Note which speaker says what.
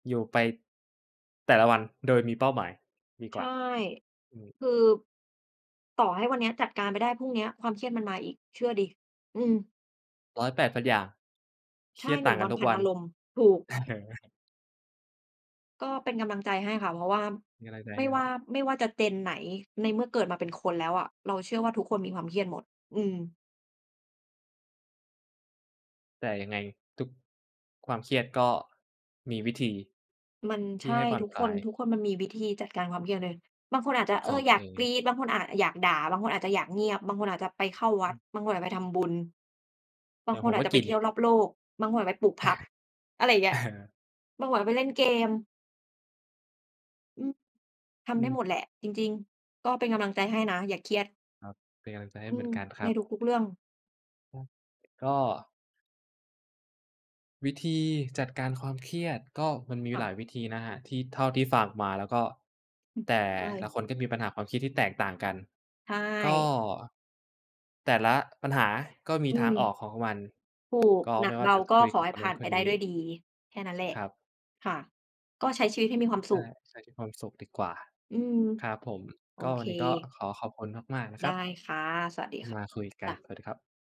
Speaker 1: อยู่ไปแต่ละวัน โดยมีเป้าหมายดี
Speaker 2: ใช
Speaker 1: กว่
Speaker 2: ่
Speaker 1: า อืม
Speaker 2: คือ ต่อให้วันเนี้ยจัดการไปได้ พรุ่งนี้ความเครียดมันมาอีก เชื่อสิ อืม
Speaker 1: ร้อยแปดพันอย่าง เ
Speaker 2: ใ
Speaker 1: ค
Speaker 2: ช
Speaker 1: รี
Speaker 2: ่
Speaker 1: ยด
Speaker 2: หน
Speaker 1: ต่
Speaker 2: ึ
Speaker 1: า
Speaker 2: ่ง
Speaker 1: งก
Speaker 2: ว
Speaker 1: ัน
Speaker 2: ัน
Speaker 1: ทุ
Speaker 2: พ
Speaker 1: ก
Speaker 2: ั
Speaker 1: ว
Speaker 2: น
Speaker 1: ั
Speaker 2: อ
Speaker 1: น
Speaker 2: ารมณ์ ถูก
Speaker 1: เออ
Speaker 2: ก็เป็นกำลังใจให้ค่ะ เพราะว่า
Speaker 1: มีอะไรอีกไหม
Speaker 2: ไม่
Speaker 1: ค
Speaker 2: ว
Speaker 1: รั
Speaker 2: ่า
Speaker 1: บ?
Speaker 2: ไม่ว่าจะ Gen ไหน ในเมื่อเกิดมาเป็นคนแล้วอะ เราเชื่อว่าทุกคนมีความเครียดหมด อืม
Speaker 1: แต่ยังไงทุกความเครียด ก็มีวิธี
Speaker 2: มัน
Speaker 1: ท
Speaker 2: ใ
Speaker 1: ี
Speaker 2: ช
Speaker 1: ่
Speaker 2: ่
Speaker 1: ให้ผ่อ
Speaker 2: ท
Speaker 1: น
Speaker 2: ุก
Speaker 1: ค
Speaker 2: ค
Speaker 1: ลา
Speaker 2: น
Speaker 1: ย
Speaker 2: ทุกคนมันมีวิธีจัดการความเครียด บางคนอาจจะ เ
Speaker 1: ข
Speaker 2: อ
Speaker 1: อง
Speaker 2: อ
Speaker 1: ตั
Speaker 2: อย
Speaker 1: ว
Speaker 2: า
Speaker 1: เ
Speaker 2: ก
Speaker 1: อ
Speaker 2: ก
Speaker 1: ง
Speaker 2: รี๊ด บางคนอาจจะอยากด่า บางคนอาจจะอยากเงียบ บางคนอาจจะไปเข้าวั
Speaker 1: อื
Speaker 2: ด
Speaker 1: อ
Speaker 2: บางคนอาจจะไปทำบุญ บ
Speaker 1: เด
Speaker 2: า
Speaker 1: ี
Speaker 2: ง
Speaker 1: ๋ย
Speaker 2: ค
Speaker 1: วผ
Speaker 2: น
Speaker 1: ม
Speaker 2: อา
Speaker 1: ก
Speaker 2: จ
Speaker 1: ็
Speaker 2: จะ
Speaker 1: ก
Speaker 2: ไป
Speaker 1: ิน
Speaker 2: เที่ยวรอบโลก บางคนไปปลูกผัก อะไรอย่างเงี้
Speaker 1: เ
Speaker 2: ย
Speaker 1: ออ
Speaker 2: บางคนอาจไปเล่นเกม อืม ท
Speaker 1: อื
Speaker 2: ำได้
Speaker 1: ม
Speaker 2: หมดแหละ จริง ๆ ก็เป็นกำลังใจให้นะ อย่าเครียด
Speaker 1: ครับ เป็นกำลังใจให้
Speaker 2: อื
Speaker 1: เหมื
Speaker 2: ม
Speaker 1: อนกันคร
Speaker 2: ใ
Speaker 1: ั
Speaker 2: น
Speaker 1: บ
Speaker 2: ทุก ๆ เรื่อง
Speaker 1: ก็ วิธีจัดการความเครียด ก็มันมี
Speaker 2: ค่
Speaker 1: หลา
Speaker 2: ะ
Speaker 1: ยวิธีนะครับ ที่เท่าที่ฟังมาแล้ว ก็
Speaker 2: อืม
Speaker 1: แต่
Speaker 2: ใช
Speaker 1: ละ
Speaker 2: ่
Speaker 1: คนก็มีปัญหาความคิดที่แตกต่างกัน
Speaker 2: ใช
Speaker 1: ก็
Speaker 2: ่
Speaker 1: แต่ละปัญหาก็มี
Speaker 2: อื
Speaker 1: ทางออ
Speaker 2: ม
Speaker 1: กของมัน
Speaker 2: ถูก
Speaker 1: ก็
Speaker 2: หน
Speaker 1: ไม
Speaker 2: ั
Speaker 1: ่
Speaker 2: ก
Speaker 1: ว่
Speaker 2: เ
Speaker 1: า
Speaker 2: บ
Speaker 1: จ
Speaker 2: า
Speaker 1: ะ
Speaker 2: ก
Speaker 1: ค
Speaker 2: ็
Speaker 1: ุย
Speaker 2: ข
Speaker 1: ก
Speaker 2: อ
Speaker 1: ับ
Speaker 2: ให
Speaker 1: ค
Speaker 2: ้
Speaker 1: น
Speaker 2: ผ
Speaker 1: นั
Speaker 2: ่
Speaker 1: ้
Speaker 2: า
Speaker 1: น
Speaker 2: น
Speaker 1: ค
Speaker 2: ไป
Speaker 1: น
Speaker 2: ได
Speaker 1: น
Speaker 2: ้
Speaker 1: ี
Speaker 2: ด้วย
Speaker 1: ้
Speaker 2: ดี แค่นั้นแหล
Speaker 1: ค
Speaker 2: ะ
Speaker 1: รับ
Speaker 2: ค่ะ ก็ใช้ชีวิตให้มีความส
Speaker 1: ใช
Speaker 2: ุ
Speaker 1: ่
Speaker 2: ข
Speaker 1: ใช้ชีวิตให้มีความสุขดีกว่า
Speaker 2: อืม
Speaker 1: ครับผม
Speaker 2: โอ
Speaker 1: ก็ว
Speaker 2: เค
Speaker 1: ันนี้ก็ขอขอบคุณมาก ๆ นะ
Speaker 2: ไ
Speaker 1: ค
Speaker 2: ด
Speaker 1: ร
Speaker 2: ้
Speaker 1: ับ
Speaker 2: ค่ะ สวัสดี
Speaker 1: ที
Speaker 2: ค
Speaker 1: ่
Speaker 2: ่ะ
Speaker 1: มาคุยก
Speaker 2: จ
Speaker 1: ัน
Speaker 2: ้ะ
Speaker 1: สวัสดีครับ